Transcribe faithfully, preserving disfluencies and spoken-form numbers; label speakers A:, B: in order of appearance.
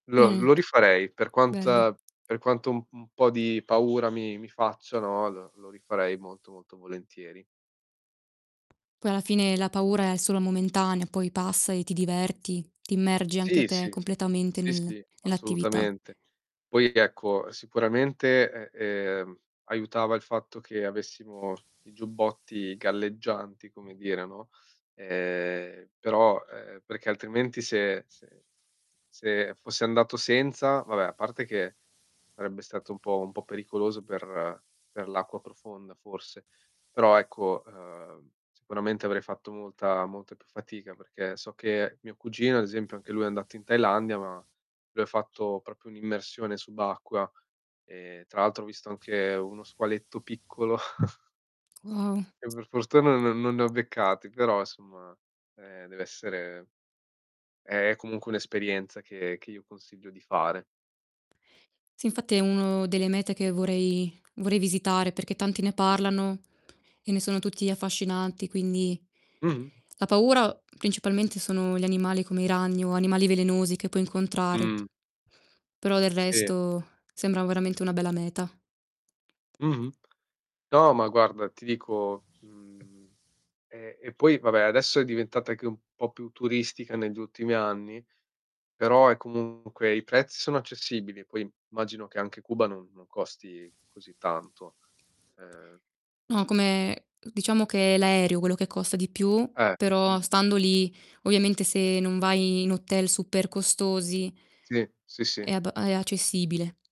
A: Lo
B: Mh,
A: lo rifarei per
B: bello.
A: quanta per quanto un un po' di paura mi mi faccia, no. L lo rifarei molto, molto volentieri.
B: Poi alla fine la paura è solo momentanea, poi passa e ti diverti, ti immergi anche
A: Sì,
B: te
A: sì,
B: completamente
A: sì,
B: nel
A: sì,
B: nell'attività.
A: assolutamente. Poi, ecco, sicuramente, e ehm, aiutava il fatto che avessimo i giubbotti galleggianti, come dire, no. Ehm, però ehm perché altrimenti se se se fossi andato senza, vabbè a parte che sarebbe stato un po' un po' pericoloso per per l'acqua profonda forse. Però ecco, ehm, sicuramente avrei fatto molta, molta più fatica perché so che, mio cugino ad esempio anche lui è andato in Thailandia, ma lui ha fatto propio un'immersione subacquea e tra l'altro visto anche uno squaletto piccolo,
B: Wow.
A: che per fortuna non non ne ho beccati, però insomma, ehm, dev'essere è comunque un'esperienza che che io consiglio di fare.
B: Sì infatti è uno delle mete che vorrei vorrei visitare perché tanti ne
A: Mh.
B: parlano e ne sono tutti affascinanti, quindi
A: Mh-mh.
B: la paura principalmente sono gli animali come i ragni o animali velenosi che puoi incontrare,
A: Mh.
B: però del
A: Sì.
B: resto sembra veramente una bella meta.
A: Mh-mh. No, ma guarda ti dico mhmm, e e poi vabbè adesso è diventata anche un po' più turistica negli ultimi anni, però è comunque i prezzi sono accessibili, poi immagino che anche Cuba non non costi così tanto. Ehm
B: No, come diciamo che è l'aereo quello che costa di più,
A: Eh,
B: però
A: mh-mh.
B: stando lì ovviamente se non vai in hotel super costosi
A: Sì. Sì, sì.
B: è abba è accessibile.